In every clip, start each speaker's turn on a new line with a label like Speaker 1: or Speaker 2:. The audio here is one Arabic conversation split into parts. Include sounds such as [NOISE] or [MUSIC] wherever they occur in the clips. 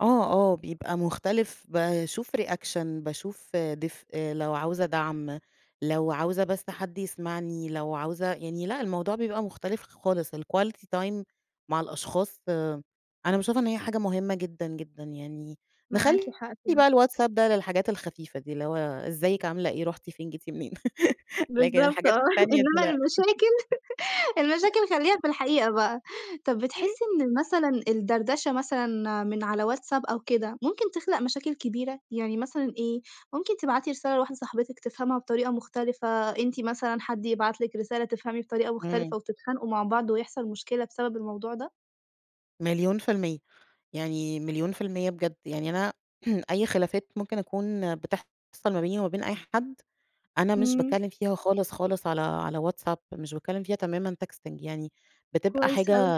Speaker 1: آه، آه بيبقى مختلف باشوف reaction باشوف دفئ، لو عاوزة دعم، لو عاوزة بس حد يسمعني، لو عاوزة يعني لأ، الموضوع بيبقى مُختلف خ خالص الquality time مع الأشخاص أنا باشوفها إن هي حاجة مهمة جدًا، جدًا، يعني
Speaker 2: معاكِ
Speaker 1: نخلّي
Speaker 2: حق في
Speaker 1: بقى الWhatsAPP ده للحاجات الخفيفة دي، اللي هو إزيك، عاملة إيه، رُحتِ فين، جيتِ منين؟ [LAUGHS] لكن
Speaker 2: بالضبط
Speaker 1: الحاجات
Speaker 2: آه،
Speaker 1: التانية دي
Speaker 2: إنمّا
Speaker 1: لأ،
Speaker 2: المشاكل [LAUGHS] المشاكل خلّيها
Speaker 1: [LAUGHS]
Speaker 2: في الحقيقة بقى. طَب
Speaker 1: [CHUCKLES]
Speaker 2: بتحسّي إن مثلًا، الدردشة مثلًا من على WhatsApp أو كده، ممكن تخلق مشاكل كبيرة، يعني مثلًا إيه، ممكن تبعتي رسالة لواحدة صاحبِتك تِفهمها بطريقة مختلفة أنتِ مثلًا، حد يبعت لِك رسالة تفهمي بطريقة
Speaker 1: امم.
Speaker 2: مختلفة وتتخانقوا مع بعض ويحصل مشكلة بسبب الموضوع ده؟
Speaker 1: مليون في المِيّة يعني، مليون في المِيّة بجد، يعني أنا [CLEARS THROAT] أي خلافات ممكن أكون بتحصل ما بيني وما بين أي حد، أنا مش
Speaker 2: إمم.
Speaker 1: باتكلم فيها خالص، خالص على على WhatsApp مش باتكلم فيها تمامًا texting يعني بتبقى
Speaker 2: كويس
Speaker 1: حاجة
Speaker 2: أوي.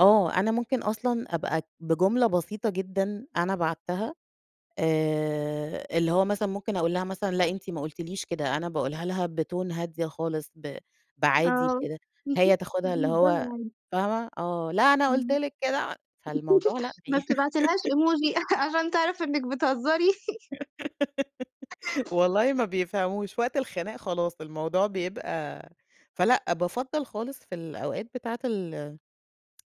Speaker 1: آه، أنا ممكن أصلًا أبقى بجملة بسيطة جدًا أنا بعتّها، آآ، اللي هو مثلًا ممكن أقول لها مثلًا لأ أنتِ ما قُلتيليش كده أنا باقولها لها بTone هادية خالص ب بعادي
Speaker 2: آه،
Speaker 1: بكده، هي
Speaker 2: [CHUCKLES]
Speaker 1: تاخدها اللي هو
Speaker 2: [UNINTELLIGIBLE]
Speaker 1: فاهمة آه، لا أنا قُلت
Speaker 2: إمم، [LAUGHS]
Speaker 1: لِك كده فالموضوع لأ،
Speaker 2: ما
Speaker 1: بي
Speaker 2: بتبعتيلهاش
Speaker 1: [LAUGHS]
Speaker 2: Emoji [CHUCKLES] عشان تعرف إنك بتهزري؟ [LAUGHS]
Speaker 1: [GIGGLES] والله ما بيفهَموش، وقت الخناق خلاص الموضوع بيبقى فلأ بافضّل خالص في الأوقات بتاعة ال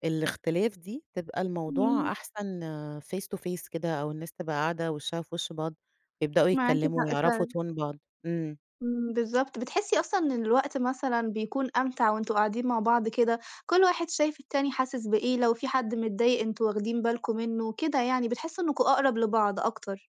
Speaker 1: الاختلاف دي، تبقى
Speaker 2: إمم.
Speaker 1: الموضوع أحسن face to face كده أو الناس تبقى قاعدة وشهّا في وشّ بعض، يبدؤوا
Speaker 2: معاكِ
Speaker 1: يتكلموا
Speaker 2: حق
Speaker 1: ويعرفوا
Speaker 2: فعلًا.
Speaker 1: Tone بعض، امم.
Speaker 2: امم، بالضبط، بتحسّي أصلًا إن الوقت مثلًا، بيكون أمتع وأنتم قاعدين مع بعض كده، كل واحد شايف التاني حاسِس بإيه، لو في حد متضايق أنتم واخدين بالكم منه، كده يعني بِتحسّوا إنكم أقرب لبعض أكتر.